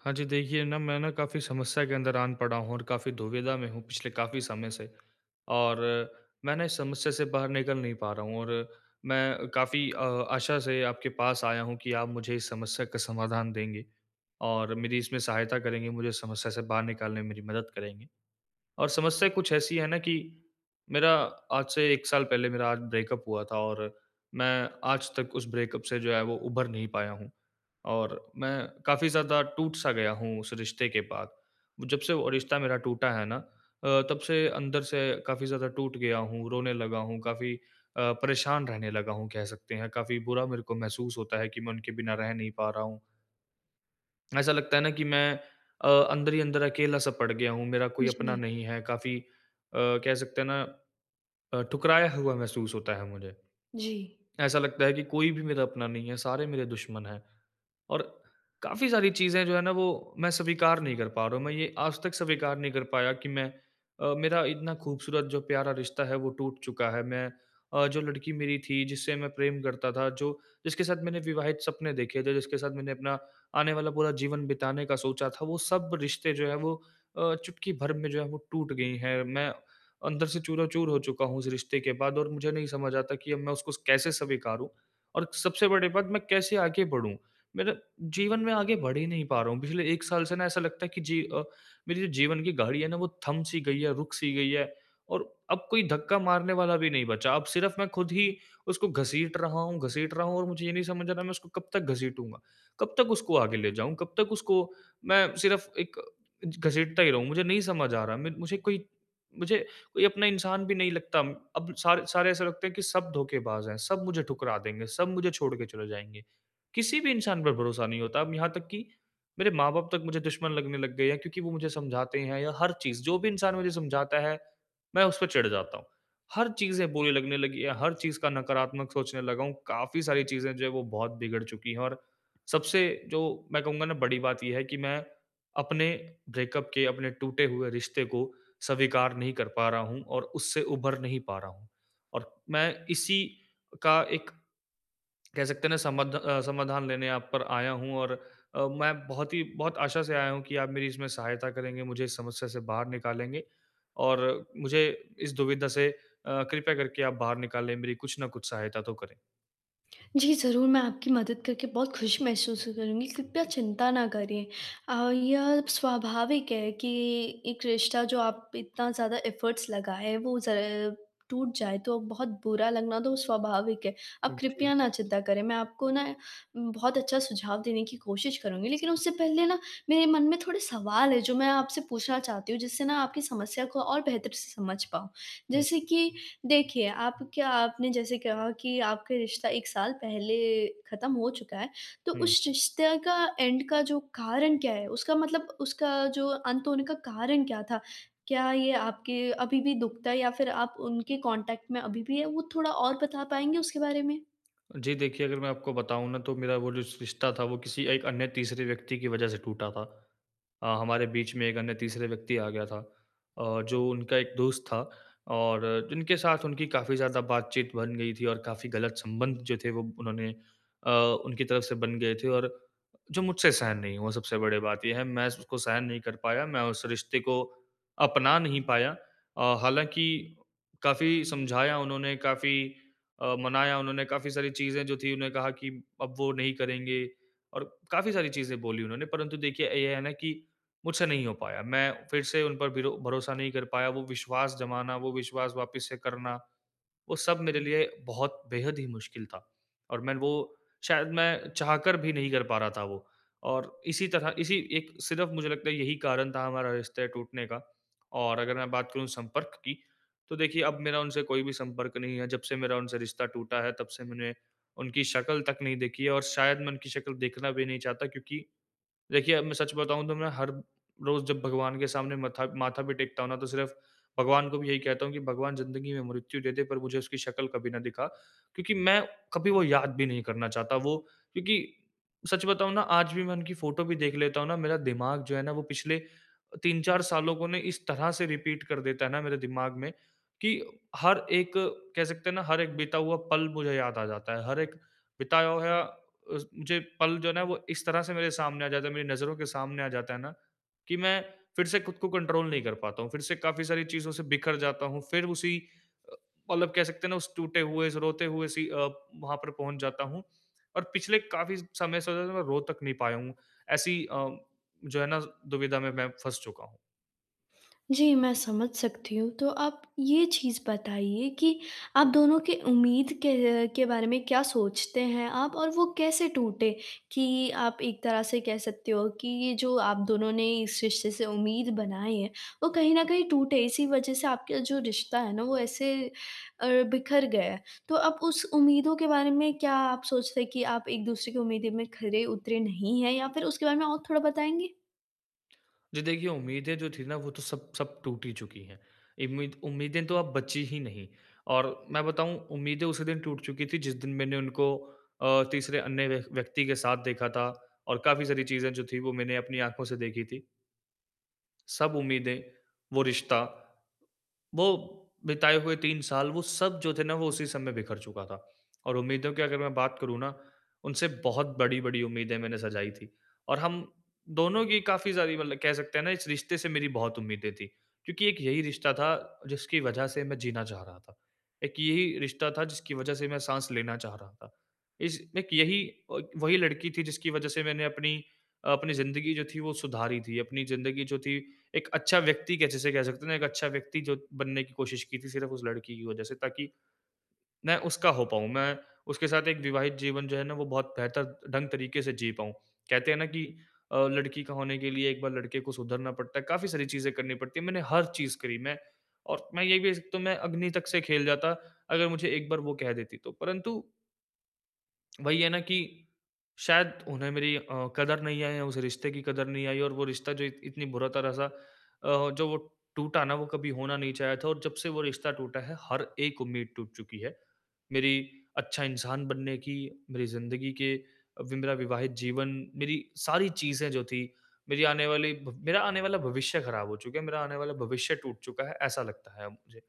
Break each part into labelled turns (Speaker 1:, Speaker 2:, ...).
Speaker 1: हाँ, जी। देखिए ना, मैं ना काफ़ी समस्या के अंदर आन पड़ा हूँ और काफ़ी दुविधा में हूँ पिछले काफ़ी समय से। और मैं ना इस समस्या से बाहर निकल नहीं पा रहा हूँ। और मैं काफ़ी अ, आशा से आपके पास आया हूँ कि आप मुझे इस समस्या का समाधान देंगे और मेरी इसमें सहायता करेंगे, मुझे इस समस्या से बाहर निकालने में मेरी मदद करेंगे। और समस्या कुछ ऐसी है ना कि मेरा आज से 1 साल पहले मेरा आज ब्रेकअप हुआ था और मैं आज तक उस ब्रेकअप से जो है वो उभर नहीं पाया हूँ। और मैं काफ़ी ज़्यादा टूट-सा गया हूँ उस रिश्ते के बाद। जब से वो रिश्ता मेरा टूटा है ना अ, तब से अंदर से काफ़ी ज़्यादा टूट गया हूँ, रोने लगा हूँ, काफ़ी अ, परेशान रहने लगा हूँ कह सकते हैं, काफ़ी बुरा मेरे को महसूस होता है कि मैं उनके बिना रह नहीं पा रहा हूँ। ऐसा लगता है ना कि मैं अ, अंदर ही अंदर अकेला-सा पड़ गया हूँ, मेरा कोई अपना
Speaker 2: जी।
Speaker 1: नहीं है। काफ़ी अ, कह सकते है ना अ, ठुकराया हुआ महसूस होता है मुझे।
Speaker 2: जी।
Speaker 1: ऐसा लगता है कि कोई भी मेरा अपना नहीं है, सारे मेरे दुश्मन है। और काफ़ी सारी चीज़ें जो है ना वो मैं स्वीकार नहीं कर पा रहा हूँ। मैं ये आज तक स्वीकार नहीं कर पाया कि मैं अ, मेरा इतना ख़ूबसूरत जो प्यारा रिश्ता है वो टूट चुका है। मैं अ, जो लड़की मेरी थी जिससे मैं प्रेम करता था, जो जिसके साथ मैंने विवाहित सपने देखे थे, जिसके साथ मैंने अपना आने वाला पूरा जीवन बिताने का सोचा था, वो सब रिश्ते जो है वो अ, चुटकी भर में जो हैं वो टूट गई हैं। मैं अंदर से चूराचूर हो चुका हूँ उस रिश्ते के बाद, और मुझे नहीं समझ आता कि अब मैं उसको कैसे स्वीकारूँ? और सबसे बड़ी बात, मैं कैसे आगे बढ़ूँ? मेरा जीवन में आगे बढ़ ही नहीं पा रहा हूँ। पिछले 1 साल से ना ऐसा लगता है कि जी अ, मेरी जो जीवन की गाड़ी है ना वो थम सी गई है, रुक सी गई है। और अब कोई धक्का मारने वाला भी नहीं बचा, अब सिर्फ़ मैं ख़ुद ही उसको घसीट रहा हूँ घसीट रहा हूँ, और मुझे ये नहीं समझ आ रहा है मैं उसको कब तक घसीटूँगा। कब तक उसको आगे ले जाऊँ? कब तक उसको मैं सिर्फ़ एक घसीटता ही रहूँ? मुझे नहीं समझ आ रहा। म मुझे कोई मुझे कोई अपना इंसान भी नहीं लगता। अब सारे सारे ऐसे लगते हैं कि सब धोखेबाज़ हैं, सब मुझे ठुकरा देंगे, सब मुझे छोड़ के चले जाएँगे। किसी भी इंसान पर भरोसा नहीं होता, अब यहाँ तक कि मेरे माँ-बाप तक मुझे दुश्मन लगने लग गए हैं क्योंकि वो मुझे समझाते हैं या हर चीज़ जो भी इंसान मुझे समझाता है, मैं उसपे चिढ़ जाता हूँ। हर चीज़ें बुरी लगने लगी है, हर चीज़ का नकारात्मक सोचने लगा हूँ, काफ़ी सारी चीज़ें जो है वो बहुत बिगड़ चुकी है। और सबसे जो मैं कहूँगा ना बड़ी बात ये है कि मैं अपने ब्रेकअप के अपने टूटे हुए रिश्ते को स्वीकार नहीं कर पा रहा हूँ और उससे उभर नहीं पा रहा हूँ। और मैं इसी का एक कह सकते हैं ना समध अ समाधान लेने आप पर आया हूँ। और अ, मैं बहुत ही बहुत आशा से आया हूँ कि आप मेरी इसमें सहायता करेंगे, मुझे इस समस्या से बाहर निकालेंगे। और मुझे इस दुविधा से अ, कृपया करके आप बाहर निकालें। मेरी कुछ न कुछ सहायता तो करें।
Speaker 2: जी। ज़रूर मैं आपकी मदद करके बहुत ख़ुश महसूस करूँगी। कृपया चिंता ना करिए और यह स्वाभाविक है कि 1 रिश्ता जो आप इतना ज़्यादा एफर्ट्स लगाए वो जब टूट जाए तो बहुत बुरा लगना तो स्वाभाविक है। आप
Speaker 1: हुँ, जी।
Speaker 2: कृपया ना चिंता करें मैं आपको ना म बहुत अच्छा सुझाव देने की कोशिश करूँगी। लेकिन उससे पहले ना मेरे मन में थोड़े सवाल हैं जो मैं आपसे पूछना चाहती हूँ जिससे ना आपकी समस्या को और बेहतर से समझ पाऊँ।
Speaker 1: हुँ।
Speaker 2: जैसे कि देखिए आप क्या आपने जैसे कहा कि आपका रिश्ता 1 साल पहले ख़त्म हो चुका है, तो
Speaker 1: हुँ।
Speaker 2: उस रिश्ते का एंड का जो कारण क्या है? उसका मतलब उसका जो अंत होने का कारण क्या था? क्या ये आपके अभी-भी दुखता है? या फ़िर आप उनके कॉन्टैक्ट में अभी-भी हैं, वो थोड़ा और बता पाएँगे उसके बारे में?
Speaker 1: जी। देखिए अगर मैं आपको बताऊँ ना तो मेरा वो जो रिश रिश्ता था वो किसी 1 अन्य तीसरे व्यक्ति की वजह से टूटा था। अ, हमारे बीच में 1 अन्य तीसरे व्यक्ति आ गया था और जो उनका 1 दोस्त था। और जिनके साथ उनकी काफ़ी ज़्यादा बातचीत बन गई थी और काफ़ी गलत संबंध जो थे वो उन्होंने अ, उनकी तरफ से बन गए थे। और जो मुझसे सहन नहीं हुआ। सबसे बड़ी बात ये है मैं उसको सहन नहीं कर पाया, मैं उस रिश्ते को अपना नहीं पाया। अ, हालाँकि काफ़ी समझाया उन्होंने काफ़ी अ, मनाया उन्होंने काफ़ी सारी चीज़ें जो थी। उन्होंने कहा कि अब वो नहीं करेंगे और काफ़ी सारी चीज़ें बोली उन्होंने, परंतु देखिए ये है ना कि मुझसे नहीं हो पाया। मैं फ़िर से उन पर ब्रो भरोसा नहीं कर पाया। वो विश्वास जमाना, वो विश्वास वापिस से करना। वो सब मेरे लिए बहुत बेहद ही मुश्किल था और मैं वो शायद मैं चाहकर भी नहीं कर पा रहा था वो। और इसी तरह इसी 1 सिर्फ़ मुझे लगता है यही कारण था हमारा रिश्ता टूटने का और अगर मैं बात करूँ संपर्क की तो देखिए अब मेरा उनसे कोई भी संपर्क नहीं है जब से मेरा उनसे रिश्ता टूटा है तब से मैंने उनकी शक्ल तक नहीं देखी है। और शायद मैं उनकी शक्ल देखना भी नहीं चाहता क्योंकि देखिए, अब मैं सच बताऊँ तो मैं हर रोज़ जब भगवान के सामने मत्था माथा भी टेकता हूँ ना। तो सिर्फ़ भगवान को भी यही कहता हूँ कि भगवान ज़िंदगी में मृत्यु दे दे पर मुझे उसकी शक्ल कभी ना दिखा। क्योंकि मैं कभी वो याद भी नहीं करना चाहता वो क्योंकि सच बताऊँ ना आज भी मैं उनकी फोटो भी देख लेता हूँ ना, मेरा दिमाग जो है ना वो पिछले अ, 3-4 सालों को इस तरह से रिपीट कर देता है ना मेरे दिमाग में कि हर 1 कह सकते हैं ना हर 1 बीता हुआ पल मुझे याद आ जाता है, हर 1 बिताया होया अ, ज मुझे पल जो है वो इस तरह से मेरे सामने आ जाता है, मेरी नज़रों के सामने आ जाता है ना कि मैं फ़िर से ख़ुद को कंट्रोल नहीं कर पाता हूँ। फ़िर से काफ़ी सारी चीज़ों से बिखर जाता हूँ, फ़िर उसी अ, मतलब कह सकते हैं ना टूटे हुए उस रोते हुए सी अ, वहाँ पर पहुँच जाता हूँ। और पिछले काफ़ी समय से मैं रो तक नहीं पाया हूँ। ऐसी अ, जो है ना दुविधा में मैं फँस चुका हूँ।
Speaker 2: जी, मैं समझ सकती हूँ, तो आप ये चीज़ बताइए कि आप दोनों के उम्मीद के के बारे में क्या सोचते हैं आप और वो कैसे टूटे? कि आप एक तरह से कह सकते हो कि ये जो आप दोनों ने इस रिश्ते से उम्मीद बनाई है, वो कहीं न कहीं टूटे, इसी वज़ह से आपका जो रिश्ता है ना, वो ऐसे अ, बिखर गया है, तो अब उस उम्मीदों के बारे में क्या आप सोचते हैं कि आप एक-दूसरे की उम्मीदें में खरे उतरे नहीं हैं या फ़िर उसके बारे में और थोड़ा बताएँगे?
Speaker 1: जी। देखिए, उम्मीदें जो थी ना, वो तो सब सब टूट ही चुकी है। इम्मीद उम्मीदें तो अब बची ही नहीं। और मैं बताऊँ, उम्मीदें उसी दिन टूट चुकी थी जिस दिन मैंने उनको अ, तीसरे अन्य व्य व्यक्ति के साथ देखा था और काफ़ी सारी चीज़ें जो थी, वो मैंने अपनी आँखों से देखी थी। सब उम्मीदें, वो रिश्ता, वो बिताए हुए 3 साल, वो सब जो थे ना, वो उसी समय में बिखर चुका था। और उम्मीदों की अगर मैं बात करूँ ना, उनसे बहुत बड़ी-बड़ी उम्मीदें मैंने सजाई थी और हम दोनों की काफ़ी सारी मतलब कह सकते हैं ना, इस रिश्ते से मेरी बहुत उम्मीदें थी, क्योंकि एक यही रिश्ता था जिसकी वजह से मैं जीना चाह रहा था। एक यही रिश्ता था जिसकी वज़ह से मैं साँस लेना चाह रहा था। इस एक यही एक वही लड़की थी जिसकी वज़ह से मैंने अपनी अपनी ज़िंदगी जो थी, वो सुधारी थी। अपनी ज़िंदगी जो थी, एक अच्छा व्यक्ति जिसे कह सकते हैं ना, एक अच्छा व्यक्ति जो बनने की कोशिश की थी सिर्फ़ उस लड़की की वजह से, ताकि, मैं उसका हो पाऊँ, मैं उसके साथ एक विवाहित जीवन जो है ना, वो बहुत बेहतर ढंग तरीके से जी पाऊँ। कहते हैं ना कि अ, लड़की का होने के लिए एक बार लड़के को सुधरना पड़ता है। काफ़ी सारी चीज़ें करनी पड़ती है। मैंने हर चीज़ करी मैं। और मैं ये भी, तो मैं अग्नि तक से खेल जाता अगर मुझे एक बार वो कह देती, तो परंतु वही है ना, कि शायद उन्हें मेरी अ, कदर नहीं है, उस रिश्ते की कदर नहीं आई। और वो रिश्ता जो इत इतनी बुरा तरह-सा अ, जो वो टूटा न वो कभी होना नहीं चाहिए था और जब से वो रिश्ता टूटा है हर एक उम्मीद टूट चुकी है। मेरी अच्छा इंसान बनने की, मेरी ज़िंदगी के वि मेरा विवाहित जीवन, मेरी सारी चीज़ें जो थी मेरी आने वाली ब मेरा आने वाला भविष्य ख़राब हो चुका है, मेरा आने वाला भविष्य टूट चुका है ऐसा लगता है अब मुझे।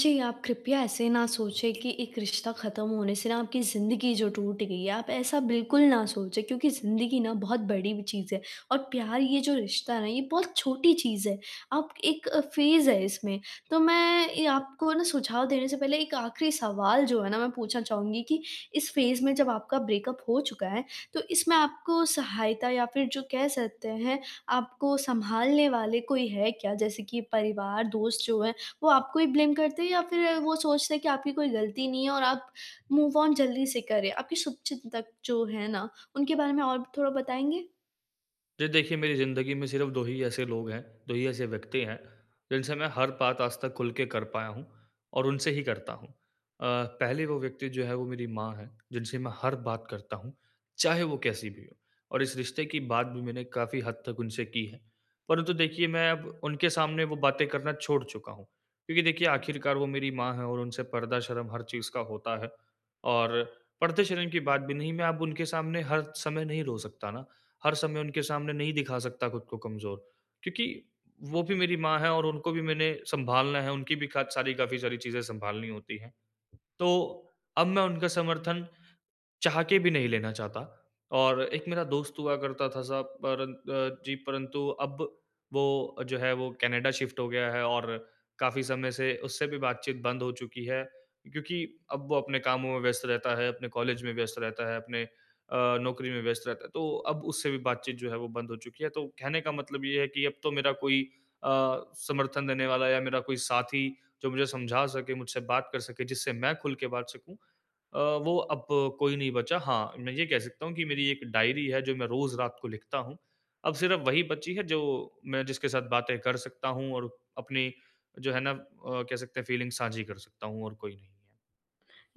Speaker 2: जी, आप कृपया ऐसे ना सोचें कि एक रिश्ता ख़त्म होने से न आपकी ज़िंदगी जो टूट गई है। आप ऐसा बिल्कुल ना सोचें क्योंकि ज़िंदगी न बहुत बड़ी चीज़ है और प्यार ये जो रिश्ता है न ये बहुत छोटी चीज़ है। आप एक अ, फ़ेज़ है इसमें तो मैं ये आपको न सुझाव देने से पहले एक आख़िरी सवाल जो है न मैं पूछना चाहूँगी कि इस फ़ेज़ में जब आपका ब्रेकअप हो चुका है, तो इसमें आपको सहायता या फ़िर जो कह सकते हैं, आपको सँभालने वाले कोई है क्या? जैसे कि परिवार, दोस्त जो हैं वो आपको ही ब्लेम करते हैं? या फ़िर वो सोचते हैं कि आपकी कोई गलती नहीं है और आप मूव ऑन जल्दी से करें? आपके शुभचिंतक जो हैं न उनके बारे में और थोड़ा बताएँगे?
Speaker 1: ये देखिए मेरी ज़िंदगी में सिर्फ़ 2 ही ऐसे लोग हैं, 2 ही ऐसे व्यक्ति हैं, जिनसे मैं हर बात आज तक खुल के कर पाया हूँ और उनसे ही करता हूँ। अ, पहले वो व्यक्ति जो है वो मेरी माँ है, जिनसे मैं हर बात करता हूँ, चाहे वो कैसी भी हो। और इस रिश्ते की बात भी मैंने काफ़ी हद तक उनसे की है। परंतु देखिए मैं अब उनके सामने वो बातें करना छोड़ चूका हूँ। क्योंकि देखिए आखिरकार वो मेरी माँ है और उनसे पर्दा शर्म हर चीज़ का होता है। और पर्दे शर्म की बात भी नहीं मैं अब उनके सामने हर समय नहीं रो सकता ना। हर समय उनके सामने नहीं दिखा सकता ख़ुद को कमज़ोर। क्योंकि वो भी मेरी माँ है और उनको भी मैंने सँभालना है उनकी भी काच सारी काफ़ी सारी चीज़ें सँभालनी होती है। तो अब मैं उनका समर्थन चाह के भी नहीं लेना चाहता। और एक मेरा दोस्त हुआ करता था साहब परं अ, जी परंतु अब वो जो है वो कनाडा शिफ़्ट हो गया है और काफ़ी समय से उससे भी बातचीत बंद हो चुकी है। क्योंकि अब वो अपने कामों में व्यस्त रहता है, अपने कॉलेज में व्यस्त रहता है, अपने अ, नौकरी में व्यस्त रहता है। तो अब उससे भी बातचीत जो है वो बंद हो चुकी है। तो कहने का मतलब ये है कि अब तो मेरा कोई अ, समर्थन देने वाला या मेरा कोई साथी जो मुझे समझा सके, मुझसे बात कर सके, जिससे मैं खुल के बात सकूँ, अ, वो अब कोई नहीं बचा। हाँ, मैं ये कह सकता हूँ कि मेरी एक डायरी है जो मैं रोज़ रात को लिखता हूँ। अब सिर्फ़ वही बची है जो मैं जिसके साथ बातें कर सकता हूँ और अपनी जो है ना अ, कह सकते है फ़ीलिंग्स साझी कर सकता हूँ और कोई नहीं है।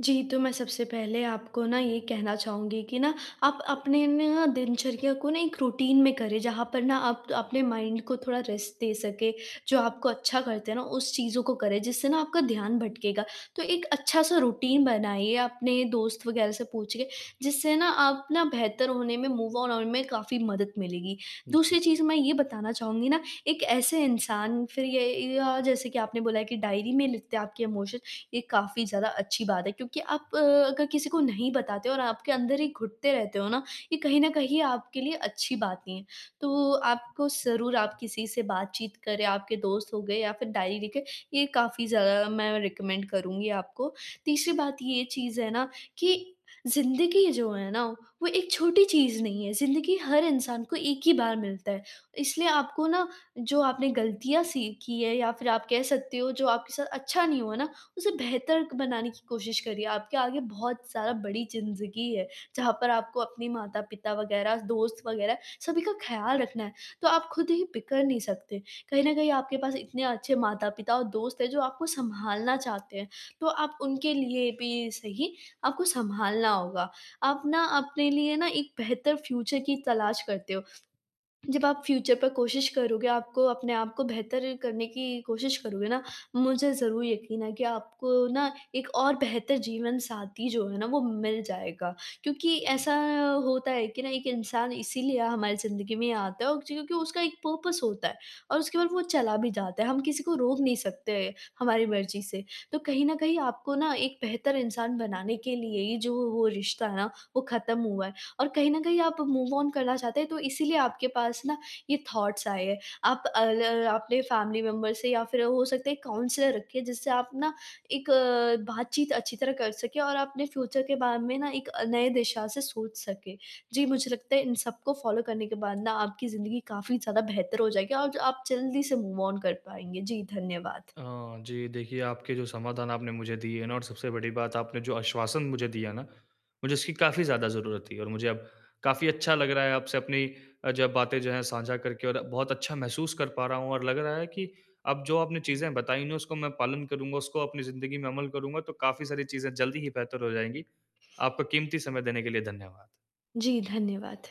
Speaker 2: जी, तो मैं सबसे पहले आपको ना ये कहना चाहूँगी कि ना, आप अपने ना दिनचर्या को ना एक रूटीन में करें, जहाँ पर ना आप अपने माइंड को थोड़ा रेस्ट दे सकें, जो आपको अच्छा करते है ना, उस चीज़ों को करें जिससे ना आपका ध्यान भटकेगा। तो एक अच्छा-सा रूटीन बनाइए, अपने दोस्त वग़ैरह से पूछिए, जिससे ना आप ना बेहतर होने में, मूव ऑन होने में काफ़ी मदद मिलेगी।
Speaker 1: जी।
Speaker 2: दूसरी चीज़ मैं ये बताना चाहूँगी ना, एक ऐसे इंसान फिर ये या जैसे कि आपने बोला है कि डायरी में लिखते आपके इमोशन, ये काफ़ी ज़्यादा अच्छी बात है क्योंकि आप, अगर किसी को नहीं बताते हो और आपके अंदर ही घुटते रहते हो ना, ये कहीं न कहीं आपके लिए अच्छी बात नहीं है। तो आपको ज़रूर आप किसी से बातचीत करें, आपके दोस्त हो गए या फिर डायरी लिखें, ये काफ़ी ज़्यादा मैं रिकमेंड करुँगी आपको। तीसरी बात ये चीज़ है ना कि ज़िंदगी जो है ना, वो एक छोटी चीज़ नहीं है, ज़िंदगी हर इंसान को एक ही बार मिलता है। इसलिए आपको ना जो आपने गलतियाँ सीखी हैं, या फिर आप कह सकते हो, जो आपके साथ अच्छा नहीं हुआ ना, उसे बेहतर बनाने की कोशिश करिए। आपके आगे बहुत सारा बड़ी ज़िंदगी है, जहाँ पर आपको अपने माता-पिता वग़ैरह, दोस्त वग़ैरह, सभी का ख़्याल रखना है, तो आप खुद ही बिखर नहीं सकते। कहीं न कहीं आपके पास इतने अच्छे माता-पिता और दोस्त हैं, जो आपको सँभालना चाहते हैं, तो आप उनके लिए भी सही, आपको सँभालना होगा। आप ना अपने लिए ना एक बेहतर फ्यूचर की तलाश करते हो। जब आप फ्यूचर पर कोशिश करोगे, आपको अपने आप को बेहतर करने की कोशिश करोगे ना, मुझे ज़रूर यकीन है कि आपको ना एक और बेहतर जीवनसाथी जो है ना, वो मिल जाएगा। क्योंकि ऐसा होता है कि ना एक इंसान इसीलिए हमारी ज़िंदगी में आता है उकची क्योंकि उसका एक पर्पस होता है और उसके बाद वो चला भी जाता है, हम किसी को रोक नहीं सकते हमारी मर्ज़ी से। तो कहीं न कहीं आपको ना एक बेहतर इंसान बनाने के लिए ही जो वो वो रिश्ता है ना, वो ख़त्म हुआ है। और कहीं न कहीं आप मूव ऑन करना चाहते हैं, तो इसीलिए आपके पास ना ये थॉट्स आए हैं। आप अ ल अपने फैमिली मेंबर से या फिर अ, हो सकता है एक काउंसलर रखें, जिससे आप ना एक बातचीत अच्छी तरह कर सकें और अपने फ्यूचर के बारे में ना एक अ, नए दिशा से सोच सकें। जी, मुझे लगता है इन सबको फॉलो करने के बाद ना, आपकी ज़िन्दगी काफ़ी ज़्यादा बेहतर हो जाएगी, और ज आप जल्दी से मूव ऑन कर पाएँगे। जी, धन्यवाद।
Speaker 1: अ, जी, देखिए आपके जो समाधान आपने मुझे दिए ना, और सबसे बड़ी बात आपने जो आश्वासन मुझे दिया ना, मुझे उसकी काफ़ी ज़्यादा ज़रूरत थी। और मुझे अब काफ़ी अच्छा लग रहा है आपसे अपनी अ, ज बातें जो हैं साझा करके, और बहुत अच्छा महसूस कर पा रहा हूँ। और लग रहा है कि अब जो आपने चीज़ें बताईं ना, उसको मैं पालन करूँगा, उसको अपनी ज़िंदगी में अमल करूँगा, तो काफ़ी सारी चीज़ें जल्दी ही बेहतर हो जाएँगी। आपका क़ीमती समय देने के लिए धन्यवाद।
Speaker 2: जी, धन्यवाद।